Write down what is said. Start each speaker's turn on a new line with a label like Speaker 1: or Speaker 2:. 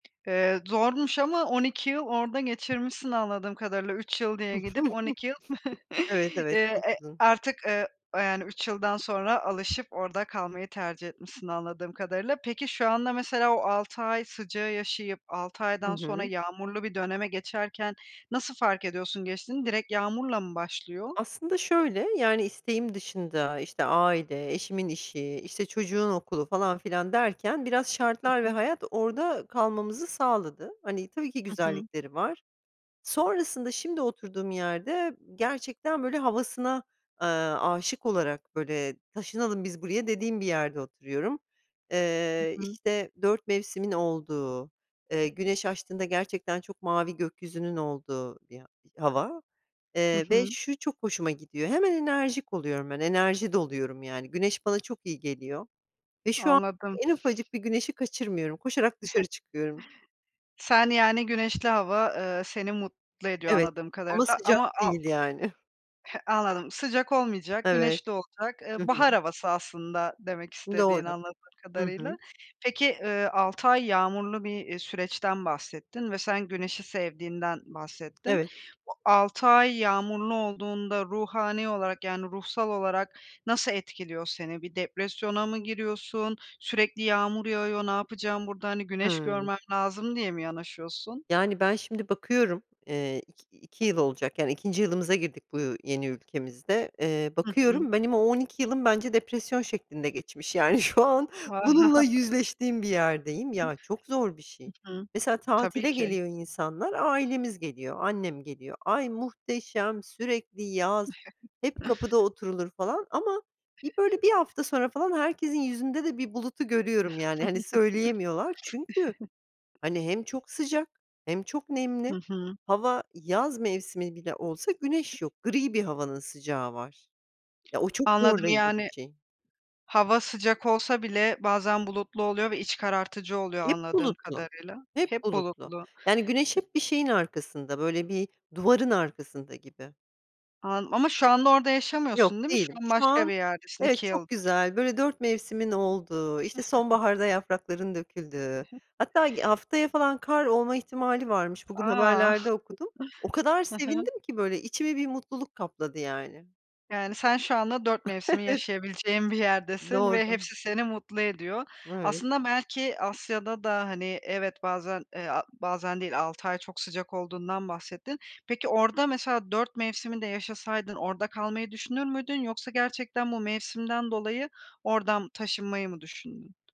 Speaker 1: Eee, zormuş ama 12 yıl orada geçirmişsin anladığım kadarıyla, 3 yıl diye gidip 12 yıl
Speaker 2: Evet,
Speaker 1: i
Speaker 2: evet.
Speaker 1: e
Speaker 2: Çok uzun.
Speaker 1: artık, eee, yani 3 yıldan sonra alışıp orada kalmayı tercih etmişsin anladığım kadarıyla. Peki, şu anda mesela o 6 ay sıcağı yaşayıp 6
Speaker 2: Hı
Speaker 1: aydan sonra
Speaker 2: hı.
Speaker 1: yağmurlu bir döneme geçerken nasıl fark ediyorsun geçtiğini? Direkt yağmurla mı başlıyor?
Speaker 2: Aslında şöyle yani isteğim dışında işte aile eşimin işi işte çocuğun okulu falan filan derken biraz
Speaker 1: Hı
Speaker 2: şartlar ve
Speaker 1: hı.
Speaker 2: hayat orada kalmamızı sağladı. Hani tabii ki
Speaker 1: Hı hı.
Speaker 2: güzellikleri var. Sonrasında şimdi oturduğum yerde gerçekten böyle havasına, eee, âşık olarak böyle, "Taşınalım biz buraya," dediğim bir yerde oturuyorum.
Speaker 1: Hı
Speaker 2: Eee,
Speaker 1: hı.
Speaker 2: işte 4 mevsimin olduğu, eee, güneş açtığında gerçekten çok mavi gökyüzünün olduğu bir a hava,
Speaker 1: Hı
Speaker 2: eee, ve
Speaker 1: hı.
Speaker 2: şu çok hoşuma gidiyor hemen enerjik oluyorum ben enerji doluyorum yani güneş bana çok iyi geliyor ve şu
Speaker 1: Anladım.
Speaker 2: anda en ufacık bir güneşi kaçırmıyorum koşarak dışarı çıkıyorum.
Speaker 1: Sen yani güneşli hava, eee, seni mutlu ediyor
Speaker 2: Evet
Speaker 1: anladığım
Speaker 2: ama
Speaker 1: kadarıyla
Speaker 2: sıcak
Speaker 1: ama a
Speaker 2: değil yani.
Speaker 1: He, anladım, sıcak olmayacak,
Speaker 2: Evet.
Speaker 1: güneşli olacak.
Speaker 2: Hı
Speaker 1: Eee,
Speaker 2: hı.
Speaker 1: bahar havası aslında demek istediğin
Speaker 2: Doğru.
Speaker 1: anladığım
Speaker 2: Hı
Speaker 1: kadarıyla.
Speaker 2: hı.
Speaker 1: Peki, eee, 6 ay yağmurlu bir, eee, süreçten bahsettin ve sen güneşi sevdiğinden bahsettin.
Speaker 2: Evet.
Speaker 1: Bu 6 ay yağmurlu olduğunda ruhani olarak, yani ruhsal olarak nasıl etkiliyor seni? Bir depresyona mı giriyorsun? "Sürekli yağmur yağıyor, ne yapacağım burada? Hani güneş
Speaker 2: Hıı.
Speaker 1: görmem lazım," diye mi yanaşıyorsun?
Speaker 2: Yani, ben şimdi bakıyorum, eee, iki iki yıl olacak yani 2. yılımıza girdik bu u yeni ülkemizde. Eee,
Speaker 1: Hı hı.
Speaker 2: bakıyorum benim o 12 yılım bence depresyon şeklinde geçmiş. Yani şu an bununla yüzleştiğim bir yerdeyim.
Speaker 1: Hı
Speaker 2: Ya, çok zor bir şey.
Speaker 1: hı.
Speaker 2: Mesela,
Speaker 1: Tabii
Speaker 2: tatile
Speaker 1: ki.
Speaker 2: geliyor insanlar, ailemiz geliyor, annem geliyor, "Ay, muhteşem sürekli yaz hep kapıda oturulur," falan ama bir böyle 1 hafta sonra falan herkesin yüzünde de bir bulutu görüyorum yani, hani, söyleyemiyorlar çünkü hani hem çok sıcak hem çok nemli
Speaker 1: Hı hı.
Speaker 2: hava yaz mevsimi bile olsa güneş yok gri bir havanın sıcağı var, ya, o çok
Speaker 1: Anladım
Speaker 2: zorlayıcı
Speaker 1: yani,
Speaker 2: bir şey.
Speaker 1: hava sıcak olsa bile bazen bulutlu oluyor ve iç karartıcı oluyor
Speaker 2: Hep
Speaker 1: anladığım
Speaker 2: bulutlu,
Speaker 1: kadarıyla.
Speaker 2: hep
Speaker 1: Hep
Speaker 2: bulutlu.
Speaker 1: bulutlu.
Speaker 2: Yani, güneş
Speaker 1: E
Speaker 2: hep bir şeyin arkasında, böyle bir duvarın arkasında gibi.
Speaker 1: Anla ama şu anda orada
Speaker 2: Yok
Speaker 1: yaşamıyorsun değil mi? Şu
Speaker 2: değilim.
Speaker 1: an
Speaker 2: Şu
Speaker 1: başka
Speaker 2: an
Speaker 1: bir yerdesin
Speaker 2: evet,
Speaker 1: 2
Speaker 2: çok
Speaker 1: yıldır.
Speaker 2: güzel böyle 4 mevsimin olduğu işte sonbaharda yaprakların döküldüğü hatta ı haftaya falan kar olma ihtimali varmış
Speaker 1: A!
Speaker 2: -bugün haberlerde okudum o kadar
Speaker 1: Hı hı.
Speaker 2: sevindim ki böyle içimi bir mutluluk kapladı yani
Speaker 1: Yani sen şu anda 4 mevsimi
Speaker 2: Evet.
Speaker 1: yaşayabileceğin bir yerdesin ve
Speaker 2: Doğru.
Speaker 1: hepsi seni mutlu ediyor.
Speaker 2: Evet.
Speaker 1: Aslında belki Asya'da da, hani, evet bazen e a bazen değil 6 ay çok sıcak olduğundan bahsettin. Peki orada mesela 4 mevsimi de yaşasaydın orada kalmayı düşünür müydün? Yoksa gerçekten bu mevsimden dolayı oradan taşınmayı mı düşündün?